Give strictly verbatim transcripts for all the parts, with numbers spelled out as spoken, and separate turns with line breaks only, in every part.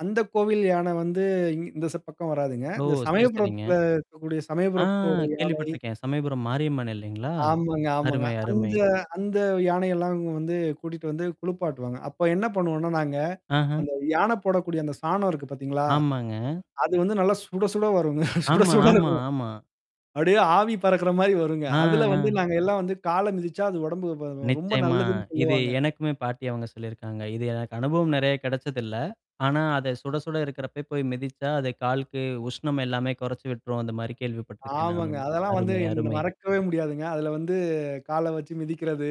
அந்த கோவில் யானை வந்து இங் இந்த ச பக்கம் வராதுங்க.
ஓ!
இந்த
சரி, சரிங்க.
சமயபுரத்துல இருக்கக்கூடிய
ஆ
சமயபுரத்தோட யானை.
கேள்விப்பட்டுருக்கேன். சமயபுரம் மாரியம்மன் இல்லைங்களா?
ஆமாங்க, ஆமாங்க.
அருமை, அருமை.
அந்த அந்த யானையெல்லாம் வந்து கூட்டிட்டு வந்து குளிப்பாட்டுவாங்க. அப்ப என்ன பண்ணுவோம்னா நாங்க,
ஆஹம்.
அந்த யானை போடக்கூடிய அந்த சாணம் இருக்கு பார்த்தீங்களா?
ஆமாங்க.
அது வந்து நல்லா சுட சுட வருங்க. சுட
ஆமா,
சுட
ஆமா,
இருக்கும்.
ஆமா.
அப்டியே ஆவி பறக்கற மாரி வருங்க.
ஆ,
அதுல வந்து
ஆ.
நாங்க எல்லாம் வந்து கால மிதிச்சா அது உடம்புக்கு ரொம்ப
நிச்சியமா.
நல்லதுன்னு
இது
சொல்லுவாங்க.
எனக்குமே பாட்டி அவங்க சொல்லியிருக்காங்க. இது எனக்கு அனுபவம் நிறைய கிடைச்சதில்ல. ஆனா அத சுட சுட இருக்கிறப்பயே போய் மிதிச்சா அத காலுக்கு உஷ்ணம் எல்லாமே குறைச்சு விட்டுரும் அந்த மாரி கேள்விப்பட்டுருக்கேன்
ஆமாங்க.
நானும்.
அதெல்லாம் வந்து
அருமை, அருமை.
மறக்கவே முடியாதுங்க. அதுல வந்து கால வச்சு மிதிக்கிறது.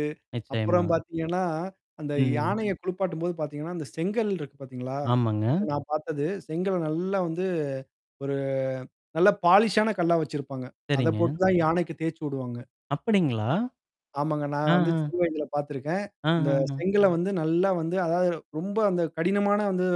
அப்புறம்
நிச்சியமா.
பார்த்தீங்கன்னா, அந்த
ம்.
யானைய குளிப்பாட்டும்போது பார்த்தீங்கன்னா, அந்த செங்கல் இருக்கு பார்த்தீங்களா?
ஆமாங்க.
இப்ப நான் பார்த்தது. செங்கல நல்லா வந்து ஒரு நல்ல பாலிஷான கல்லா வச்சிருப்பாங்க. அத
சரிங்க.
போட்டு தான் யானைக்கு தேய்ச்சுடுவாங்க.
அப்டிங்களா?
ஆமாங்க. நான் வந்து
ஆஹம்.
சின்ன வயதில பார்த்துருக்கேன். இந்த
ஆஹம்.
செங்கல வந்து நல்லா வந்து அதாவது ரொம்ப அந்த கடினமான வந்து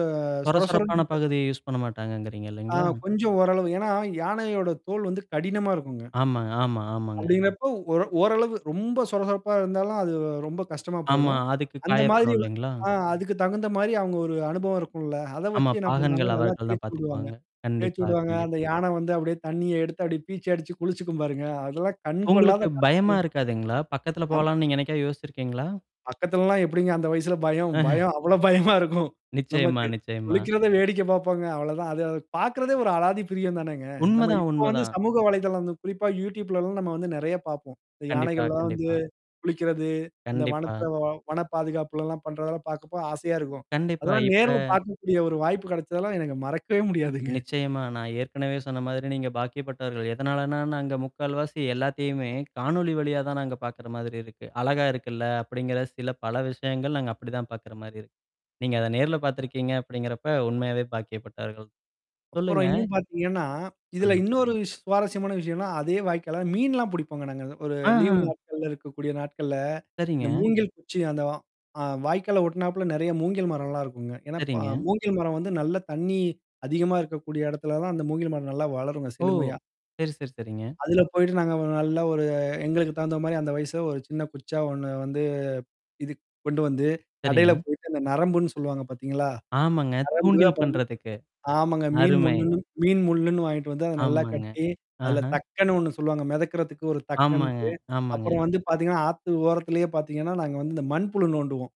சொர
சொர சொரன்
சொரப்பான
இருக்க
பகுதிய யூஸ் பண்ண மாட்டாங்கங்கிறீங்க
ஆ
இல்லைங்களா?
கொஞ்சம் ஓரளவு. ஏன்னா, யானையோட தோல் வந்து கடினமா இருக்குங்க.
ஆமாங்க, ஆமா, ஆமாங்க.
அப்டிங்கிறப்போ ஒர ஓரளவு ரொம்ப சொர சொரப்பா இருந்தாலும் அது ரொம்ப கஷ்டமா
ஆமா.
போயிடும்.
அதுக்கு
அந்த மாதிரி
காயப்படும்
வ
இல்லைங்களா?
ஆ அதுக்கு தகுந்த மாரி அவுங்க ஒரு அனுபவம் இருக்கும்ல. அத
ஆமா.
வச்சு என்ன பண்ணுவாங்க,
பாகன்கள்
நல்லா
அவர்கள் தான்
தேர்ச்சு விடுவாங்க.
பார்த்துக்குவாங்க.
தேயச்சு
கண்டிப்பா,
விடுவாங்க.
கண்டிப்பா.
அந்த யானை வந்து அப்டியியே தண்ணீய எடுத்து அப்டி பீச்சு அடிச்சு குளிச்சுக்கும் பாருங்க. அதெல்லாம் கண் கொள்ளாத
உங்களுக்கு பயமா
காட்சி.
இருக்காதுங்களா? பக்கத்துல
அம்
போலான்னு நீங்க என்னைக்காவது யோசிச்சிருக்கீங்களா?
பக்கத்துலலாம் எப்டிங்க அந்த வயசுல பயம். பயம் அவ்வளோ பயமா இருக்கும்
நிச்சியமா,
நமக்கு.
நிச்சியமா.
குளிக்கிறத வேடிக்க பாப்போங்க. அவ்வளோதான். அது அது பார்கறதே ஒரு அலாதி பிரியம் தானேங்க. நம்ம
உண்மதான்,
இப்போ வந்து
உண்மதான்.
சமூக வலைதளம் குறிப்பா Youtubeலலாம் நம்ம வந்து நறைய பார்ப்போம். இந்த
கண்டிப்பா,
யானைகள்லாம் வந்து
கண்டிப்பா.
குளிக்கிறது, அந்த
கண்டிப்பா.
வனத்த வ வன பாதுகாப்புலல்லாம் பண்றதெல்லாம் பாார்க்கப்போ ஆசையா இருக்கும்.
கண்டிப்பா.
அதெல்லாம்
இப்ப
நேர்ல பார்க்கக்கூடிய ஒரு வாய்ப்பு கிடைச்சதெல்லாம் எனக்கு மறக்கவே முடியாதுங்க.
நிச்சியமா. நான் ஏற்கனவே சொன்ன மாதிரி நீங்க பாக்கியப்பட்டவர்கள். எதனாலனா நாங்க முக்கால் வாசி எல்லாத்தையுமே காணொளி வழியா தான் நாங்க பார்க்கற மாதிரி இருக்கு. அழகா இருக்குல்ல அப்டிங்கிற சில பல விஷயங்கள் நாங்க அப்டிதான் பார்க்கற மாரி இருக்கு. நீங்க அத நேர்ல பார்த்துருக்கீங்க அப்டிங்கிறப்ப உண்மையாவே பாக்கியப்பட்டர்கள்
அப்புறம்
சொல்லுங்க.
இன்னும் பார்த்தீங்கன்னா, இதுல
ம்.
இன்னொரு விஷ் சுவாரஸ்யமான விஷயம்னா, அதே வாய்க்கால மீன்லாம் புடிப்போங்க நாங்க. ஒரு
ஆஹா.
லீவ் நாட்கள்ல இருக்கக்கூடிய நாட்கள்ல. இந்த
சரிங்க.
மூங்கில் குச்சி அந்த வா ஆ வாய்க்கால ஒட்டுனாப்ல நிறைய மூங்கில் மரம்லாம் இருக்குங்க. ஏன்னா, ப
சரிங்க.
மூங்கில் மரம் வந்து நல்ல தண்ணி அதிகமா இருக்கக்கூடிய இடத்துல தான் அந்த மூங்கில் மரம் நல்லா வளரும்ங்க
ஓ!
செழுமையா.
சரி, சரி, சரிங்க.
அதில போயிட்டு நாங்க ஒரு நல்ல ஒரு எங்களுக்கு தகுந்த மாரி அந்த வயச ஒரு சின்ன குச்சா ஒண்ணு வந்து இது கொண்டு வந்து கடையில
சரிங்க.
போயிட்டு அந்த நரம்புன்னு சொல்லுவாங்க பார்த்தீங்களா?
ஆமாங்க.
நரம்பு
தூண்டில்
அப்புறம்.
பண்றதுக்கு.
ஆமாங்க. மீன்
அருமை.
முள்ளுன்னு மீன் முள்ளுன்னு வாங்கிட்டு வந்து அத நல்லா
ஆமாங்க.
கட்டி, அதில
ஆஹம்.
தக்கன்னு ஒண்ணு சொல்லுவாங்க. மிதக்கறதுக்கு ஒரு
ஆமாங்க,
தக்கன்ட்டு.
ஆமாங்க.
அப்புறம் வந்து பார்த்தீங்கன்னா, ஆத்து ஓரத்திலேயே பார்த்தீங்கன்னா, நாங்க வந்து இந்த மண்புழு நோண்டுவோம்.